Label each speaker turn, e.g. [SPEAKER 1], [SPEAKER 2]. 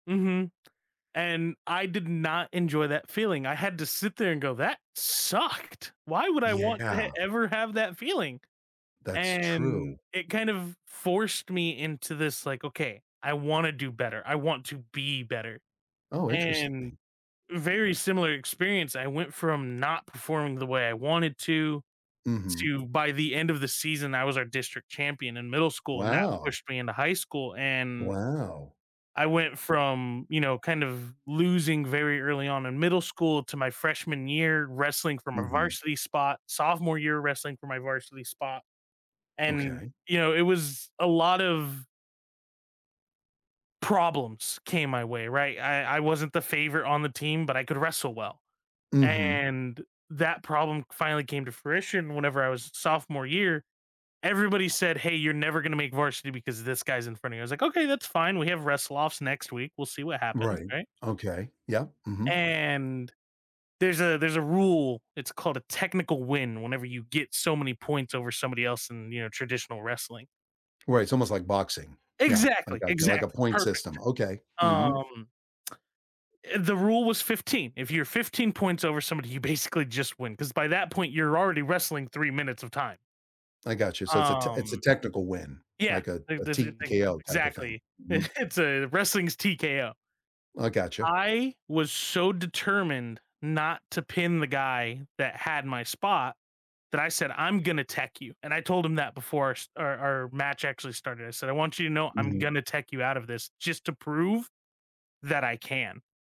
[SPEAKER 1] Mhm. And I did not enjoy that feeling. I had to sit there and go, "That sucked!" Why would I want to
[SPEAKER 2] Yeah.
[SPEAKER 1] ever have that feeling?
[SPEAKER 2] That's
[SPEAKER 1] And
[SPEAKER 2] true.
[SPEAKER 1] it kind of forced me into this like, "Okay, I wanna do better, I want to be better."
[SPEAKER 2] Oh,
[SPEAKER 1] And
[SPEAKER 2] interesting.
[SPEAKER 1] very similar experience, I went from not performing the way I wanted to,
[SPEAKER 2] Mhm.
[SPEAKER 1] to by the end of the season, I was our district champion in middle school, and that
[SPEAKER 2] Wow.
[SPEAKER 1] pushed me into high school and
[SPEAKER 2] Wow.
[SPEAKER 1] I went from, you know, kind of losing very early on in middle school to my freshman year wrestling from a
[SPEAKER 2] Mhm.
[SPEAKER 1] varsity spot, sophomore year wrestling for my varsity spot, and,
[SPEAKER 2] Okay.
[SPEAKER 1] you know, it was a lot of problems came my way, right? I I wasn't the favorite on the team, but I could wrestle well.
[SPEAKER 2] Mhm.
[SPEAKER 1] And that problem finally came to fruition whenever I was sophomore year, everybody said, "Hey, you're never gonna make varsity because this guy's in front of you." I was like, "Okay, that's fine, we have wrestle offs next week, we'll see what happens,"
[SPEAKER 2] Right,
[SPEAKER 1] right?
[SPEAKER 2] okay, yeah, mhm.
[SPEAKER 1] And there's a there's a rule, it's called a "technical win" whenever you get so many points over somebody else in, you know, traditional wrestling.
[SPEAKER 2] Right, it's almost like boxing. Yeah, I
[SPEAKER 1] Exactly,
[SPEAKER 2] got you. Like a
[SPEAKER 1] exactly,
[SPEAKER 2] point
[SPEAKER 1] perfect.
[SPEAKER 2] system. Okay. Mhm.
[SPEAKER 1] Um eh, the rule was 15. If you're 15 points over somebody, you basically just win, 'cause by that point you're already wrestling 3 minutes of time.
[SPEAKER 2] I got you. So it's a te it's a
[SPEAKER 1] Um,
[SPEAKER 2] technical win,
[SPEAKER 1] yeah,
[SPEAKER 2] like a
[SPEAKER 1] they
[SPEAKER 2] a
[SPEAKER 1] this i [unintelligible] that's
[SPEAKER 2] TKO type of thing.
[SPEAKER 1] exactly
[SPEAKER 2] Mhm.
[SPEAKER 1] It's a wrestling's TKO.
[SPEAKER 2] I gotcha.
[SPEAKER 1] I was so determined not to pin the guy that had my spot, that I said, "I'm gonna tech you." And I told him that before our s our our match actually started. I said, "I want you to know I'm
[SPEAKER 2] Mhm.
[SPEAKER 1] gonna tech you out of this, just to prove that I can."